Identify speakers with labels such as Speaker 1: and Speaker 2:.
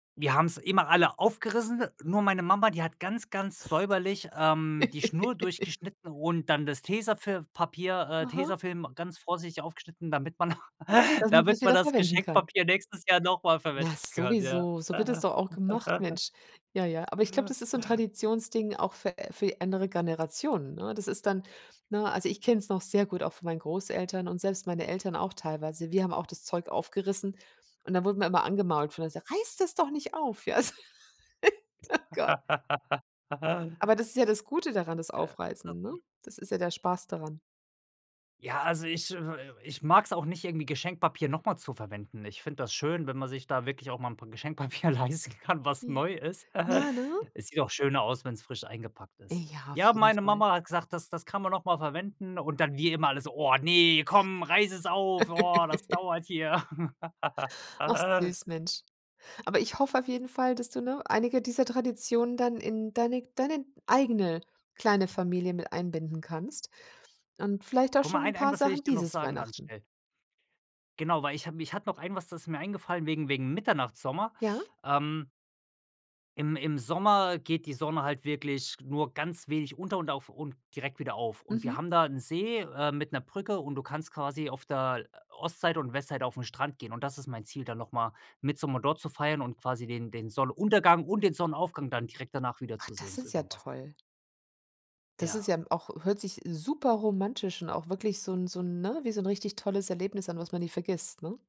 Speaker 1: Wir haben's immer alle aufgerissen, nur meine Mama, die hat ganz, ganz säuberlich, ähm, die Schnur durchgeschnitten und dann das Tesafilm-Papier, äh
Speaker 2: Aha.
Speaker 1: Tesafilm ganz vorsichtig aufgeschnitten, damit man
Speaker 2: Das man das
Speaker 1: damit man
Speaker 2: wieder
Speaker 1: das
Speaker 2: verwenden kann.
Speaker 1: Geschenkpapier nächstes Jahr noch mal verwenden
Speaker 2: Na,
Speaker 1: kann, ja.
Speaker 2: sowieso, so wird es doch auch gemacht, Mensch. Ja, ja, aber ich glaube, das ist so 'n Traditionsding auch für für andere Generationen, ne? Das ist dann ne, also, ich kenne es noch sehr gut, auch von meinen Großeltern und selbst meine Eltern auch teilweise. Wir haben auch das Zeug aufgerissen und da wurden wir immer angemault [unintelligible] gesagt: „Reiß das doch nicht auf“, ja? Oh, Gott. Aber das ist ja das Gute daran, das
Speaker 1: Ja.
Speaker 2: Aufreißen, ne?
Speaker 1: [unintelligible]
Speaker 2: Das ist ja der Spaß daran.
Speaker 1: Ja, also, ich, äh ich mag es auch nicht irgendwie Geschenkpapier noch mal zu verwenden. Ich finde das schön, wenn man sich da wirklich auch mal 'n paar Geschenkpapier leisten kann, was
Speaker 2: Mhm,
Speaker 1: neu ist.
Speaker 2: ja, ne?
Speaker 1: Es sieht doch schöner aus, wenn's frisch eingepackt ist.
Speaker 2: Ja, auf
Speaker 1: Ja,
Speaker 2: jeden
Speaker 1: meine
Speaker 2: Fall.
Speaker 1: Mama hat gesagt: „Das das kann man noch mal verwenden.“ Und dann wir immer alle so: „Oh, ne, komm, reiß es auf. Oh, das dauert hier.“
Speaker 2: Ach süß, Mensch. Aber ich hoffe auf jeden Fall, dass du, ne, einige dieser Traditionen dann in deine deine eigene kleine Familie mit einbinden kannst und vielleicht auch
Speaker 1: Guck mal,
Speaker 2: schon 'n
Speaker 1: ein ein
Speaker 2: paar
Speaker 1: was will ich
Speaker 2: Sachen
Speaker 1: dir noch
Speaker 2: dieses
Speaker 1: sagen ganz
Speaker 2: Weihnachten.
Speaker 1: schnell. Genau, weil ich habe mich hat noch einen, was das mir eingefallen wegen wegen Mitternachtssommer,
Speaker 2: Ja?
Speaker 1: ähm im im Sommer geht die Sonne halt wirklich nur ganz wenig unter und auf und direkt wieder auf. Und wir
Speaker 2: Mhm.
Speaker 1: haben da 'n See, äh, mit 'ner Brücke und du kannst quasi auf der Ostseite und Westseite auf'n Strand gehen. Und das ist mein Ziel, dann noch mal Mittsommer dort zu feiern und quasi den den Sonnenuntergang und den Sonnenaufgang dann direkt danach
Speaker 2: Ach, das
Speaker 1: wiederzusehen, so
Speaker 2: ist ja
Speaker 1: überm Wasser.
Speaker 2: toll. Das ist
Speaker 1: Ja.
Speaker 2: ja auch hört sich superromantisch und auch wirklich so 'n so 'n ne, wie so 'n richtig tolles Erlebnis an, was man nie vergisst, ne?